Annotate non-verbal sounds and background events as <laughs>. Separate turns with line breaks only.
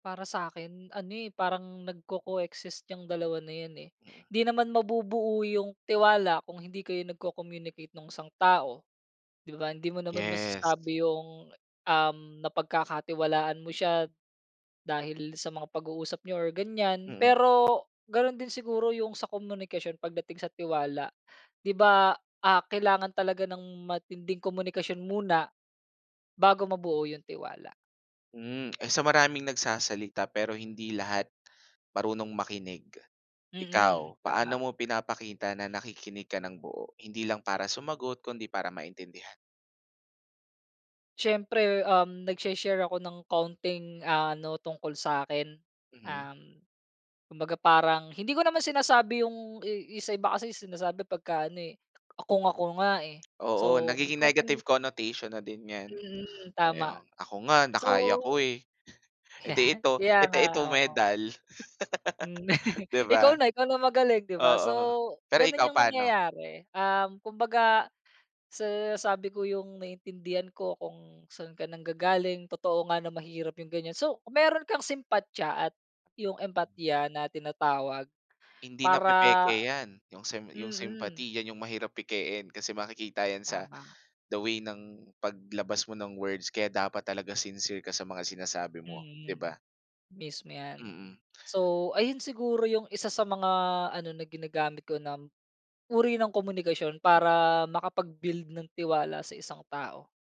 Para sakin ano, eh, parang nagko-coexist yang 2 na yan, eh,
Mm.
hindi naman mabubuo yung tiwala kung hindi kayo nagko-communicate nung isang tao, di ba? Hindi mo naman
Yes.
masasabi yung, um, napagkakatiwalaan mo siya dahil sa mga pag-uusap niyo or ganyan.
Mm.
Pero, gano'n din siguro yung sa komunikasyon pagdating sa tiwala di ba, ah, kailangan talaga ng matinding komunikasyon muna bago mabuo yung tiwala.
Hmm, eh, sa maraming nagsasalita pero hindi lahat marunong makinig.
Mm,
Ikaw, paano
tama.
mo pinapakita na nakikinig ka ng buo hindi lang para sumagot kundi para maintindihan?
Siyempre, um, nagsi-share ako ng kaunting ano tungkol sakin,
Mm.
um, kumbaga parang hindi ko naman sinasabi yung i- yung sa iba kasi sinasabi pagka ano, eh, "kung ako nga, eh,"
Oo,
so may
nagiging
konting
negative connotation na din yan,
Mhm,
oo
tama
yung ako nga
so
nakaya ko, eh. Eh, 'di
<chuckles>
ito,
kaya
ito
nga,
ito
oo.
medal.
Hmm,
<laughs>
<chuckles>
Di
ikaw
ba?
na, ikaw na magaling di ba? So,
Oo, pero ikaw
gano'n yung
paano?
nangyayari, um, kumbaga sa sabi ko yung naiintindihan ko kung saan ka nanggagaling totoo nga na mahirap yung ganyan. So mayro'n kang simpatya at yung empatiya na tinatawag
Hindi
para
napepeke yan, yung sem yung
mm.
sympathy yan yung mahirap pekein, kasi makikita yan sa
Tama.
the way ng paglabas mo ng words kaya dapat talaga sincere ka sa mga sinasabi mo, di
Mm,
ba?
mismo yan.
Mm.
So, ayun siguro yung 1 sa mga ano na ginagamit ko na uri ng komunikasyon
M
para makapag-build ng tiwala sa isang tao.